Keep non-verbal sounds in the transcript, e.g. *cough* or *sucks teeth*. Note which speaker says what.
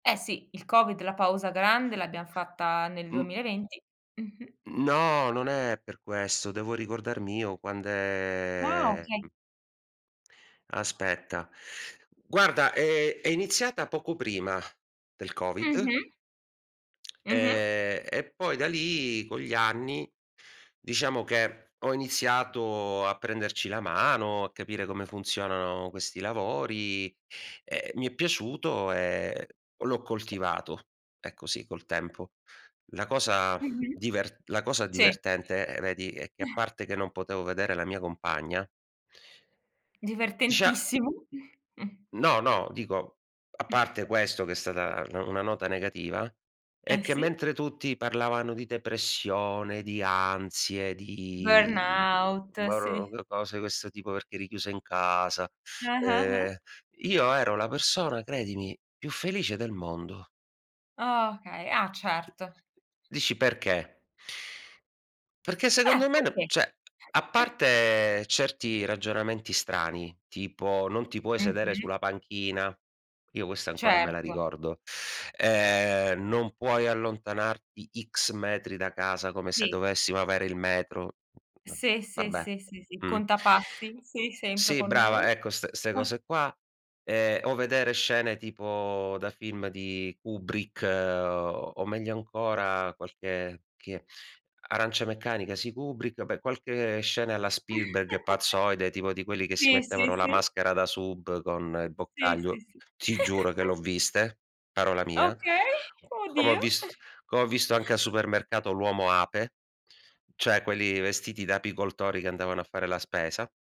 Speaker 1: Eh sì, il Covid, la pausa grande l'abbiamo fatta nel duemila
Speaker 2: Mh.
Speaker 1: e venti. Mh-mh.
Speaker 2: No, non è per questo. Devo ricordarmi io
Speaker 1: Ah,
Speaker 2: quand'è
Speaker 1: okay.
Speaker 2: mh Aspetta. Guarda, ehm, è iniziata poco prima del Covid,
Speaker 1: Mh-mh.
Speaker 2: *smacks lips*
Speaker 1: Mh-mh.
Speaker 2: ehm, e poi da lì, con gli anni, diciamo che ho iniziato a prenderci la mano, a capire come funzionano questi lavori, ehm, mi è piaciuto e l'ho coltivato. Ecco, sì, col tempo. La cosa *exhales*
Speaker 1: Mh-mh.
Speaker 2: diver la cosa
Speaker 1: Sì.
Speaker 2: divertente, ehm, vedi è che a
Speaker 1: *chuckles*
Speaker 2: parte che non potevo vedere la mia compagna Dicia
Speaker 1: Divertentissimo! *chuckles* Mh.
Speaker 2: No, no. Dico, a parte
Speaker 1: *chuckles*
Speaker 2: questo che è stata na una nota negativa, è
Speaker 1: Eh,
Speaker 2: che
Speaker 1: sì!
Speaker 2: mentre tutti parlavano di depressione, di ansie, di
Speaker 1: Burnout,
Speaker 2: boro
Speaker 1: sì.
Speaker 2: cose i questo tipo perché eri chiuso in casa,
Speaker 1: Ah, ah, ah.
Speaker 2: ehm, io ero la persona, credimi, più felice del mondo.
Speaker 1: Okay. Ah, certo.
Speaker 2: Dici, perché? Perché
Speaker 1: Eh!
Speaker 2: secondo me no
Speaker 1: Perchè?
Speaker 2: cioè, a
Speaker 1: *chuckles*
Speaker 2: parte certi ragionamenti strani, tipo: "Non ti puoi sedere
Speaker 1: Mh-mh.
Speaker 2: sulla panchina", io questa ancora me la
Speaker 1: Certo.
Speaker 2: ricordo, *sucks teeth* ehm, "Non puoi allontanarti X metri da casa", come se
Speaker 1: Sì.
Speaker 2: dovessimo avere il metro, *unintelligible*
Speaker 1: Sì, sì,
Speaker 2: vabbè,
Speaker 1: sì, sì, sì.
Speaker 2: mh.
Speaker 1: Contapassi? Sì, sempre
Speaker 2: Sì,
Speaker 1: con noi.
Speaker 2: brava, ecco, st 'ste
Speaker 1: *chuckles*
Speaker 2: cose qua. Ehm, o vedere scene tipo da film di Kubrick, o meglio ancora qualche che Arancia meccanica, sì, Kubrick, vabbè qualche scena alla Spielberg
Speaker 1: *chuckles*
Speaker 2: pazzoide tipo di quelli che
Speaker 1: Sì, sì,
Speaker 2: mettevano la
Speaker 1: sì.
Speaker 2: maschera da sub con i
Speaker 1: Sì, sì,
Speaker 2: boccaglio,
Speaker 1: sì.
Speaker 2: ti giuro che l'ho
Speaker 1: *chuckles*
Speaker 2: viste, parola mia;
Speaker 1: Okay.
Speaker 2: come ho
Speaker 1: Oddio!
Speaker 2: vist come ho visto anche a
Speaker 1: *chuckles*
Speaker 2: supermercato l'uomo-ape, cioè quelli vestiti da apicoltori che andavano a fare la spesa.